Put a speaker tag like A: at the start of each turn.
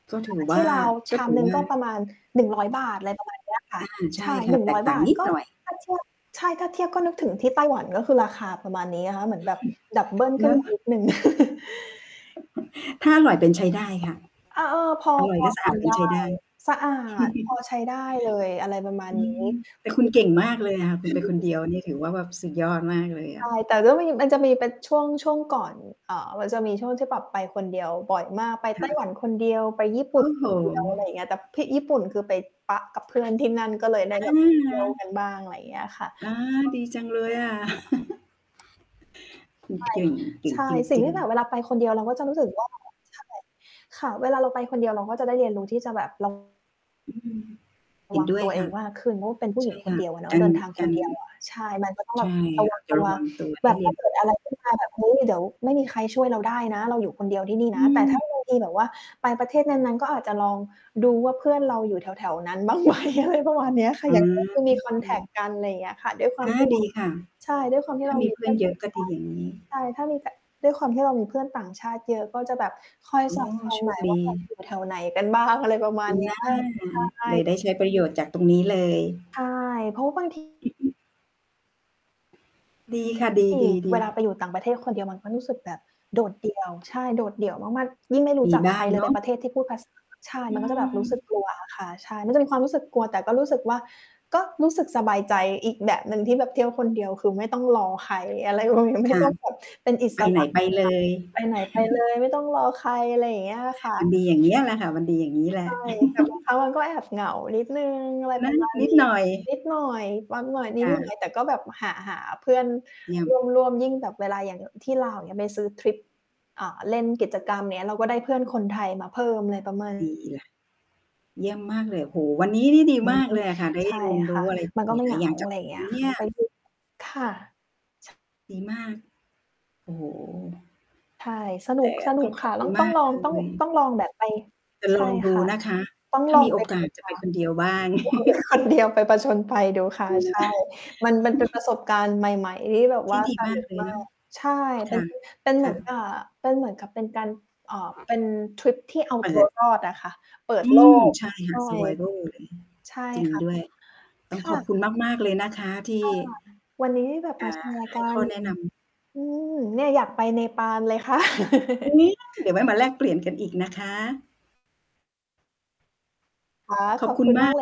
A: ก็ถ
B: อ่า
A: ือว
B: ท
A: ่
B: ี่
A: า
B: ลาว
A: ก
B: ช
A: ็
B: า
A: ถ
B: ม
A: ือ
B: หนึ่
A: ว
B: ง
A: ่า
B: ก็ประมาณ 100 อะไร ประมาณเนี้ยค่ะ
A: อา ใช
B: ใช
A: ่
B: ่
A: ค่ะ แตกต่า
B: บ
A: ง
B: าท
A: นิด
B: ก็
A: หน่อย
B: ถ้าเทียบ ใช่ ถ้าเทียบก็นึกถึงที่ไต้หวัน ก็คือราคาประมาณนี้นะคะ เหมือนแบบดับเบิลข
A: เน
B: ึ้น
A: าะ
B: มา นิด หนึ่ง
A: ถ้าอร่อยเป็นใช้ได้ค่ะ
B: อ่า เออ พอ
A: อร่อ
B: พ
A: ยแล
B: อ
A: ะส
B: ท
A: ะอ
B: า
A: าด
B: น
A: เป็
B: ไ
A: น
B: ด้
A: ใช้ได้
B: สะอาด พอใช้ได้เลย อะไรประมา
A: อ
B: ณ
A: ื
B: นี้
A: ม แต่ค
B: ค
A: ุ
B: ื
A: ณ
B: อแ
A: เ
B: บ
A: ก่
B: บ
A: งมากเลยอะค่ะ คุณไปคนเดียวนี่ถือว่าสุดยอดมากเลยอ
B: ใช่
A: ะ
B: แต่ก็มี มันจะมีเป็นช่วง ช่วงก่อน อ่า มันจะมีช่วงที่แบบไปคนเดียวบ่อยมาก ไป
A: ค
B: ไต
A: ่
B: ้
A: ะ
B: หวันคนเดียว ไปญี่ ป
A: โ
B: ุ
A: อ
B: ่น
A: ้โฮ
B: คนเดียว อะไรอย่างเงี้ย แต่พิ ญี่ปุ่น คือไปป๊ะกับเพื่อนที่นั่นก็เลยไ
A: อ
B: ด้
A: ะ
B: แบบเท
A: ฮ
B: ี่ยว
A: ะ
B: กันบ้าง อะไรอย่างเงี้ยค่ะ
A: อา ดีจังเลยอะ คุณเก่ง เก่
B: ใช
A: ง
B: ่
A: จ
B: ใช่ ใช่ สิ่ง
A: ริ
B: ท
A: ง
B: ี่แบบเ
A: ๆ
B: วลาไปคนเดียว เราก็จะรู้สึก ว่า ใช่ ค่ะ เวลาเราไปคนเดียว เราก็จะได้เรียนรู้ที่จะแบบ ระ
A: อืม เห็
B: ว
A: น
B: ัง
A: ด้ว
B: ต
A: ย
B: ัวเ
A: ค
B: อ
A: ่ะ
B: งมากขึ้น เพราะว่าเป็นผู้
A: ใ
B: ห
A: ช
B: ญิ
A: ่
B: งค
A: ค
B: น
A: ่
B: เ
A: ะ
B: ดียวอะเนา
A: ก
B: ะ
A: า
B: เ
A: ร
B: ดินทาง
A: ก
B: ค
A: า
B: น
A: ร
B: เดียวอะ ใช่ มันก็ต้อง
A: ใ
B: แ
A: ช
B: บบ
A: ่
B: ระว
A: อ
B: ั
A: า
B: ง
A: จจ
B: ต
A: ะ
B: ั
A: ร
B: ว
A: ะวังตัวใ
B: แ
A: ห
B: บ
A: ้
B: บ
A: เร
B: ถ
A: ี
B: ้
A: ย
B: า
A: น
B: เกิดอะไรขึ้นมาแบบ เฮ้ย เดี๋ยวไม่มีใครช่วยเราได้นะ เราอยู่คนเดียวที่นี่
A: อ
B: นะ
A: ื
B: แต่ถ้า
A: ม
B: บางที แบบว่าไปประเทศนั้น ๆ ก็อาจจะลองดูว่าเพื่อนเราอยู่แถว ๆ นั้น บ้างไหม? ประมาณเนี้ยค่ะ
A: อ
B: อย่าง เพื่อนควร มี
A: า
B: คอนแท็กต์กัน ไรอย่างเงี้ยค่ะ ด้วยควา
A: อ
B: ม
A: า
B: ที่เร
A: ด
B: า
A: ีค่ะ
B: ใช่ ด้วยความที
A: ถ
B: ่
A: ้
B: เร
A: า
B: า
A: มี
B: มี
A: เพ
B: เ
A: ื
B: พ
A: ่
B: ื
A: อ
B: ่อ
A: น
B: น
A: เ
B: ช
A: ย
B: า
A: อ
B: ว
A: ะ
B: ต่
A: ก
B: า
A: ็
B: งช
A: ด
B: า
A: ี
B: ติ
A: อย่างงี้
B: ใช่ ถ้ามี ก ด้วยความที่เรามีเพื่อนต่างชาติเยอะ ก็จะแบบคอย
A: อ๋อ
B: สอด ส่อ
A: โ
B: ง
A: ช
B: หน่
A: ค
B: อย
A: ด
B: ว่า
A: ี
B: แบบ อยู่แถวไหนกัน บ้าง อะไรประมา
A: อ
B: ณ
A: ือ
B: เนี
A: น
B: ้
A: ่
B: ย
A: า
B: ใช่
A: เลยได้ใช้ประโยชน์จากตรงนี้เลย
B: ใช่ เพราะบาง ที
A: อือฮึ ดีค่ะ ด
B: ที่
A: ี
B: เวล
A: ๆ
B: า
A: ๆ
B: ไปอยู่ต่างประเทศคนเดียวมันก็รู้สึกแบบโดดเดี่ยว ใช่ โดดเดี่ยวมาก ๆ ยิ่งไม่รู้
A: มี
B: จัก
A: บ
B: ใ
A: ้
B: ค
A: า
B: ร
A: ง
B: เล
A: เ
B: ย
A: น
B: ไป
A: าะ
B: ประเทศที่พูด ภาษา ใช่
A: อ
B: ม
A: ิ
B: ันก็จะแบบรู้สึก
A: ม
B: กลัวอะ ค่ะ ใช่ มันจะมีความรู้สึกกลัว แต่ก็รู้สึกว่า ก็รู้สึกสบายใจอีกแบบหนึ่งที่แบบเที่ยวคนเดียว คือไม่ต้องรอใคร อะไร ประมาณ ไม
A: ค
B: ่
A: ่ะ
B: ต้องแบบ เป็นอิ
A: ไป
B: ส
A: ไ
B: ร
A: หน
B: ะ
A: ไป
B: อะ
A: เล
B: ค่ะ
A: ย
B: ไปไหนไปเลยไม่ต้องรอใคร อะไรอย่างเงี้ยอะค่
A: มัน
B: ะ
A: ดีอย่างเงี้ยแหละค่ะ มันดีอย่างนี้แหล
B: ใช
A: ะ
B: ่ แต่บางครั้ง เราก็แอบเหงานิดหนึ่ง อะไร
A: น
B: ป
A: ะ
B: ระมาณ
A: นิด
B: นี้
A: หน่อย
B: นิดหน่อย หวาด ๆ นิ
A: ค
B: ด
A: ่
B: หน่อ
A: ะ
B: ย แต่ก็แบบหา หาเพื่อน
A: เยี่ย
B: ร
A: ม
B: ่วม ร่วม ยิ่งแบบเวลาอย่าง อ ที่ลาวอย่างเงี้ย ไปซื้อทริป อ่า เล่นกิจกรรม อย่างเงี้ย เราก็ได้เพื่อนคนไทยมาเพิ่ม อะไร ประมาณ
A: ดีล่ะ เยี่ยมมากเลย โอ้โฮ วันนี้นี่ดีม
B: นี้
A: ากเลยอะค่ะ ได้
B: ใช่
A: ร่วม เรียนร
B: ค
A: ู
B: ่ะ
A: ้อะไร
B: มันก
A: ห
B: ็ไม่
A: ล
B: เห
A: าย
B: ง
A: ๆ อ
B: า
A: ย่างจ
B: อะ
A: าก
B: ไรอ
A: ค
B: ย่
A: ุ
B: าง
A: ณ
B: เงี้
A: น
B: ย
A: ะเ
B: ค
A: น
B: ่ะ
A: ี่ย
B: ไป ทริป ค่ะ ช
A: ดีมาก โอ้โฮ
B: ใช่ สนุ
A: แต
B: ก
A: ่
B: สน
A: ต
B: ุ
A: ้อ
B: ก
A: งข
B: ค
A: อ
B: ่ะ
A: บค
B: ล่
A: ุ
B: อ
A: ณ
B: ง
A: ม
B: ต้อง
A: าก
B: ลอ
A: เ
B: ง ต้อง
A: ล
B: ต
A: ย
B: ้องลองแบบไป
A: จะ
B: ใช
A: ล
B: ่
A: องด
B: ค
A: ู
B: ่ะ
A: นะคะ
B: ต้อง
A: ถ้
B: ล
A: า
B: อ
A: ม
B: ง
A: ีโ
B: ไ
A: อ
B: ปด
A: ก
B: ู
A: าสจะ
B: ค
A: ไป
B: ่ะ
A: คนเดียวบ้าง
B: ลองไป คนเดียว ไปผจญภัยดูค่ะ
A: อือ
B: ใช่ มัน มัน เป็น ประสบการณ์ใหม่ ๆ ที่แบบ
A: ท
B: ว
A: ี
B: ่
A: ่
B: า
A: ดี
B: ส
A: มา
B: นุ
A: ก
B: ก
A: เลย
B: มา
A: เนาะ
B: ก ใช่ เ
A: ค
B: ป็น
A: ่ะ
B: พ เ
A: ค
B: หม
A: ่
B: ือนก
A: ะ
B: ะ เป็นเหมือนกับเป็นการ เอ่อ เป็นทริปที่เอา
A: เป
B: ตั
A: ิ
B: ว
A: ด
B: รอด อะค่ะ เปิด
A: อื
B: โล
A: ม
B: ก
A: ใช่ค
B: ใ
A: ่
B: ช
A: ะ
B: ่
A: survivor อะไรเงี้ย
B: ใช่
A: จริง
B: ค่ะ
A: ด้วย ต้
B: ค
A: องข
B: ่
A: อบ
B: ะ
A: คุณมาก ๆ เลยนะคะ ที
B: ค
A: ่
B: ่ะ วันนี้ได้แบบ
A: อ่
B: ม
A: า
B: า แชร์
A: ให
B: ก
A: ้
B: ั
A: ข้
B: น
A: อแนะนำ
B: อืม เนี่ย อยากไปเนปาลเลยค่ะ
A: อุ๊ย ได้ เดี๋ยวไว้มาแลกเปลี่ยนกันอีกนะคะ
B: ค่ะ
A: ขอ
B: ข
A: บ
B: อบ
A: คุ
B: ค
A: ณ
B: ุณ
A: ม
B: ม
A: า
B: า
A: ก
B: กเลย